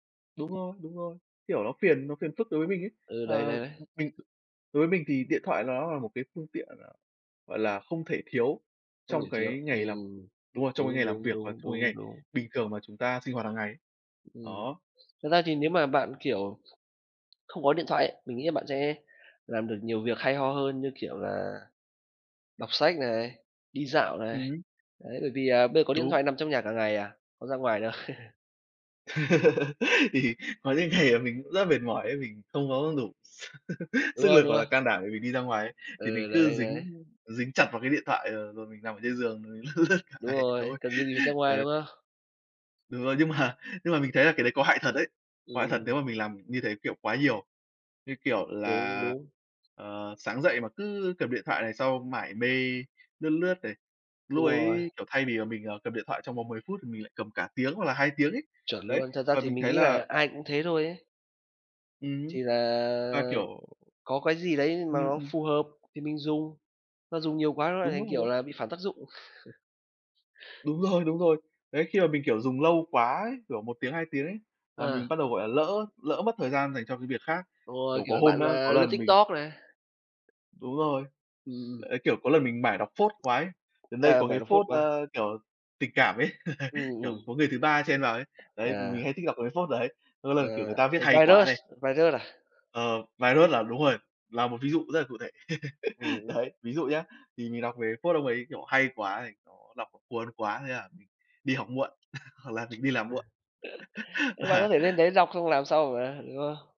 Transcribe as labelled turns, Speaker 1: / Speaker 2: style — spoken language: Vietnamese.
Speaker 1: Đúng rồi, đúng rồi. Kiểu, nó phiền nó phiền phức đối với mình ấy.
Speaker 2: Ừ, đấy,
Speaker 1: Ờ,
Speaker 2: đấy, đấy.
Speaker 1: m mình đối với mình thì điện thoại nó là một cái phương tiện, gọi là, gọi là, không thể thiếu
Speaker 2: Không được
Speaker 1: trong
Speaker 2: chiếu.
Speaker 1: cái ngày làm
Speaker 2: Ừm,
Speaker 1: đúng rồi, trong cái
Speaker 2: đúng,
Speaker 1: ngày làm
Speaker 2: đúng,
Speaker 1: việc hoặc
Speaker 2: đúng,
Speaker 1: trong cái
Speaker 2: đúng,
Speaker 1: ngày
Speaker 2: đúng.
Speaker 1: bình thường mà chúng ta sinh hoạt hàng ngày.
Speaker 2: Ừm,
Speaker 1: Đó.
Speaker 2: thật ra thì nếu mà bạn, kiểu, không có điện thoại ấy, mình nghĩ là bạn sẽ làm được nhiều việc hay ho hơn, như kiểu là đọc sách này, đi dạo này.
Speaker 1: Ừm.
Speaker 2: Đấy, bởi vì là bây có điện
Speaker 1: Đúng.
Speaker 2: thoại nằm trong nhà cả ngày à, có ra ngoài đâu.
Speaker 1: Thì có những ngày mình cũng rất mệt mỏi ấy, mình không có đủ s
Speaker 2: Đúng
Speaker 1: sức
Speaker 2: rồi,
Speaker 1: lực
Speaker 2: đúng
Speaker 1: hoặc là
Speaker 2: ha!
Speaker 1: can đảm để mình đi ra ngoài ấy. Thì mình
Speaker 2: Ừ,
Speaker 1: cứ
Speaker 2: đấy, đấy.
Speaker 1: dính dính chặt vào cái điện thoại, ờ, rồi mình nằm trên giường lướt cả
Speaker 2: Đúng
Speaker 1: ngày
Speaker 2: rồi,
Speaker 1: thôi,
Speaker 2: cần cái gì ra ngoài,
Speaker 1: đấy.
Speaker 2: đúng không?
Speaker 1: Đúng rồi, nhưng mà nhưng mà mình thấy là cái đấy có hại thật đấy. Có hại thật
Speaker 2: Ừm.
Speaker 1: nếu mà mình làm như thế, kiểu, quá nhiều. Như kiểu
Speaker 2: Đúng,
Speaker 1: là,
Speaker 2: đúng.
Speaker 1: ờ, sáng dậy mà cứ cầm điện thoại này, sau mải mê lướt lướt này.
Speaker 2: Đúng
Speaker 1: Lúc
Speaker 2: rồi.
Speaker 1: ấy, kiểu, thay vì là mình, à, cầm điện thoại trong vòng 10 phút thì mình lại cầm cả tiếng hoặc là 2 tiếng ấy.
Speaker 2: Chuẩn
Speaker 1: Đấy,
Speaker 2: luôn. Thật ra
Speaker 1: và
Speaker 2: thì
Speaker 1: mình
Speaker 2: mình
Speaker 1: thấy
Speaker 2: nghĩ
Speaker 1: là
Speaker 2: là ai cũng thế thôi ấy.
Speaker 1: Ừm.
Speaker 2: Thì
Speaker 1: Và,
Speaker 2: là
Speaker 1: kiểu
Speaker 2: có cái gì đấy
Speaker 1: ừm,
Speaker 2: mà nó
Speaker 1: ừm.
Speaker 2: phù hợp thì mình dùng. Nó dùng nhiều quá nó lại
Speaker 1: Đúng
Speaker 2: thành, kiểu
Speaker 1: rồi.
Speaker 2: là, bị phản tác dụng.
Speaker 1: Đúng rồi, đúng rồi. Đấy, khi mà mình, kiểu, dùng lâu quá ấy, kiểu 1 tiếng, 2 tiếng ấy, là mình
Speaker 2: À.
Speaker 1: bắt đầu gọi là lỡ lỡ mất thời gian dành cho cái việc khác.
Speaker 2: Đúng rồi,
Speaker 1: Kiểu, có
Speaker 2: kiểu,
Speaker 1: hôm
Speaker 2: bạn
Speaker 1: á,
Speaker 2: là
Speaker 1: có
Speaker 2: lướt
Speaker 1: lần mình
Speaker 2: TikTok này.
Speaker 1: Đúng rồi.
Speaker 2: Ừm, ừm.
Speaker 1: Đấy, kiểu, có lần mình mải đọc phốt quá ấy gần đây
Speaker 2: À,
Speaker 1: có
Speaker 2: mà
Speaker 1: cái
Speaker 2: nó phốt
Speaker 1: phốt,
Speaker 2: quá.
Speaker 1: ơ, kiểu, tình cảm ấy,
Speaker 2: Ừm,
Speaker 1: kiểu,
Speaker 2: ừm.
Speaker 1: có người thứ ba chen vào ấy. Đấy, mình hay
Speaker 2: À.
Speaker 1: thích đọc một cái phốt đấy. Có
Speaker 2: Ờ,
Speaker 1: lần, kiểu, người ta viết hay quá
Speaker 2: ViruSs,
Speaker 1: này
Speaker 2: ViruSs à?
Speaker 1: Ờ, ViruSs là đúng rồi, là một ví dụ rất là cụ thể.
Speaker 2: Ừm, ừm.
Speaker 1: Đấy, ví dụ nhá, thì mình đọc về phốt ông ấy, kiểu, hay quá thì có đọc cuốn quá thế là đi học muộn, hoặc là mình đi làm muộn.
Speaker 2: Nhưng bạn có
Speaker 1: Và
Speaker 2: thể lên đấy đọc xong làm sau mà, đúng không?